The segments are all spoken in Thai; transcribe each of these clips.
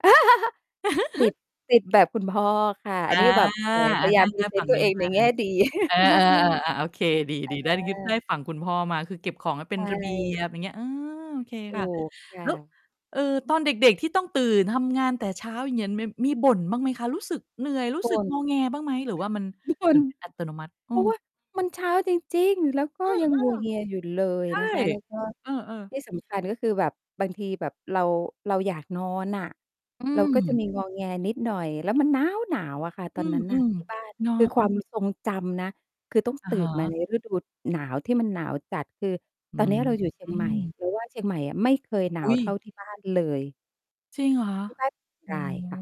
ติด ติด แบบ คุณพ่อค่ะ ออันา นี้แบบ แหม พอา ยายไดา้มเพลรีือเดซฝนัต่์ งตันวี้เองมในา แง่ดี เออ มาก ๆ ๆ อา ๆ โอเค ดี ๆ ได้ อไดา ้ฝั่งคุณพ่อมา ก็คือเก็บของให้เใปช็นระเบีย่ บ อย่างเงี้ย เออ โอเค ถูค่ะ กค่แล้ว ะ เอ่อ ตอนเด็ก ๆ ที่ต้องตื่นทำงานแต่เช้า อย่างเงี้ย มี มีบ่นบ้างไหมคะ? รู้สึกเหนื่อย รู้บ่สึกน งอแงบ้างไหม หรือว่ามัน ทุกวเหัมืน อนเป็น อัตโนมัติ? อเืพราะว่อ ามันเช้าจริง ๆ แล้วก็เออ ยังงัวเงียอยู่เลยๆ ใช่ นะคะ แล้วก็ เออ ๆ ที่สำคัญ ก็คือแบบบางทีแบบเรา เราอยากนอนน่ะ อืเราก็จะม มี งอแง นิดหน่อย แล้วมันน๊าวหนาวอะค่ะตออนนั้นนื่ะ ม ที่บ้าน ๆ เนาคือ ะ ความทรงจำนะ คือต้อง อะตื่ฮนมาใะ นฤดูหนาวที่มันหนาวจัด คืออืตอนเนี้ยเราอยู่เชียงใหม่ ม เราว่า เชียงใหม่อะไม่เคยหนาอุว๊ย เท่าที่บ้านเลย จริงเหรอคะ? ที่พัก อ๋อ กาย ค่ะ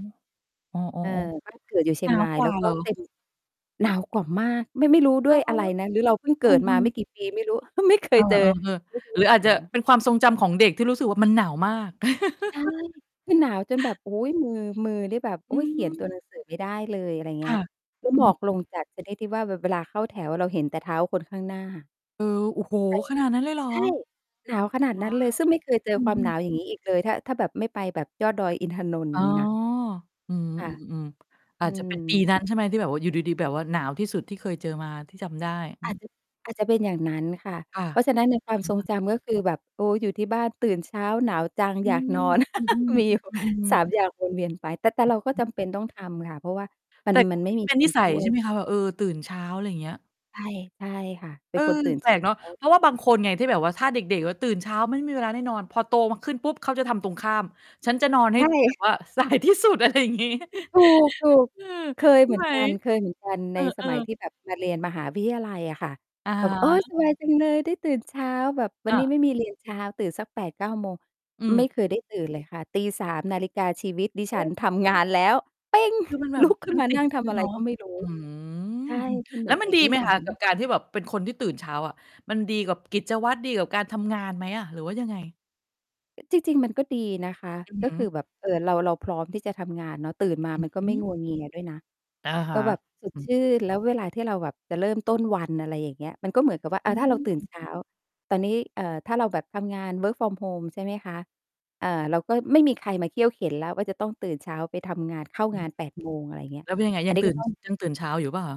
อ๋อ เออ ๆ บ้านเกิดอยู่เชๆ ีหนยงารวาย กวแล้่าวเกห็รอ? เป็น หนาวกว่ามาก ไม่ ไม่รู้ดเ้หรวยอ? อะไรนะ หรือเราเพิ่งเกอืิดมาอ ไม่ๆ กี่ปีไม่รู้ ก็ไม่เคเอยอ เจอ ๆ ฤดูๆ หรืออหนาจาจะว เป็นความทรงจำของเด็กที่รู้สึกว่ามันหนาวมาก ใช่ คือหนาวจนแบบ โอ้โฮ มือ มือนี่แบบ โออื๊ย เขียน ตม ัว หนังสือไม่ได้เลย อะไรคเงี้่ย ะ ก็อหืมอกลม งจัด ชนิดที่ว่าแบบ เวลาเข้าแถวอะเราเห็นแต่เท้าคนข้างหน้า เออ โอ้โฮ ใช่ ขนาดนั้นเลยเหรอ? ใช่ หนาว ขนาดว้นาั้นเลว! ย ซึ่งไม่เคยเจออืคอวาฮมหนาึ ว อย่างงี้ อีกเลย ถ้า ถ้าแบบไม่ไปแบบยอดดอยอินทนนท์ ออย๋่อ างงี้นะ อืค่ะ ม ๆ ๆ ๆ ออืาจจะม เป็นปีนั้น ใช่ไหม ที่แบบว่าอยู่ดี ๆ แบบว่าหนาวที่สุดที่เคยเจอมา ที่จำได้? อือาม จจะ อาจจะเป็นอย่างนั้นค่ะ ค่ะ เพราะฉะนั้อนในความทะรงฮะ จำ ก็คือแบบ โอ๊ย อยู่ที่บ้าน ตื่นเช้า หนาวจัง อือยากนอ อน อือ มีอยู่ ๆ อือฮึ 3 อย่างวน เวียน ไป แต่ แต่เราก็จำเป็นต้องทำค่ะ เพราะว่ามัแน ต่กม็ ันไมต่ิด มีเป็นคนิน สชัย ่วใช่ไย หมคะ แบบ เออ ตื่นเช้า อะไรเงี้ย? ใช่ ใช่ค่ะ เปเ็อนอ คน ตื่นแปเชลกเนาะ ้า เพราะว่าบาอืงอ คนไง ที่แบบว่า ถ้าเด็ก ๆ แล้วตื่นเช้าไม่มีเวลาได้นอน พอโตมาขึ้นปุ๊บเขาจะทำตรงข้าม ฉันจะนอนใให้ชแบ่ บว่า สายที่สุด อะไรอย่างงี้ ถูก ถูก เออ เคยใชเ่หมืไอหนม? กัน เคยเหมือนกัน เใอนสอ มัยๆ ที่แบบมาเรียนมหาวิทยาลัยอะค่ะ อะแฮบบ โอ๊ย สะ บายจังเลยได้ตื่นเช้า แบบวัอนนา ี้ไม่มี เรียนเช้า ตื่นสัก 8-9 โมง อืไม่เคยม ได้ตื่นเลยค่ะ ตี 3 นาฬิกาชีวิตดิโอฉั้ น ทำงานแล้ว เป๊ง คือมันแบลุบ ก ขึม้นันมาตนิัด่งทเลำอยะไรเนาะ ก็ไม่รู้ อื้อฮือ ใช่ อืม มันเหมแลื้อน วมตันิดดีนิไหมสัคะ? กับย การที่แบบเป็นคนที่ตื่นเช้าอะ มันดีกับกิจวัตร ดีกับการทำงานไหมอะ หรือว่ายังไง? จริง ๆ มันก็ดีนะคะ อือก็ฮคึ ือแบบ เออ เรา เรา พร้อมที่จะทำงานเนาะ ตื่นมาอื้มัอนกฮ็ืไม่ งัอ วเงียด้วยนะ อะฮกะ ็แบบสอดืชอ ื่น แล้วเวลาที่เราแบบจะเริ่ม ต้นวัน อะไรอย่างเงี้ย มันก็เหมือนกับว่า ออ่า ถ้าเราตื่นืม เช้า ตอนนี้ เอ่อ ถ้าเราแบบทำงาน work from home ใช่ไหมคะ เอ่อ เราก็ ไม่มีใครมาเคี่ยวเข็ญแล้วว่า จะต้องตื่นเช้าไปทำงาน เข้างาน 8 โมง อะไรเงี้ย แล้วเป็นยังไง อัยันงนี้ตื่ก็ น ต้อง ยังตื่นเช้าอยู่เปล่าคะ?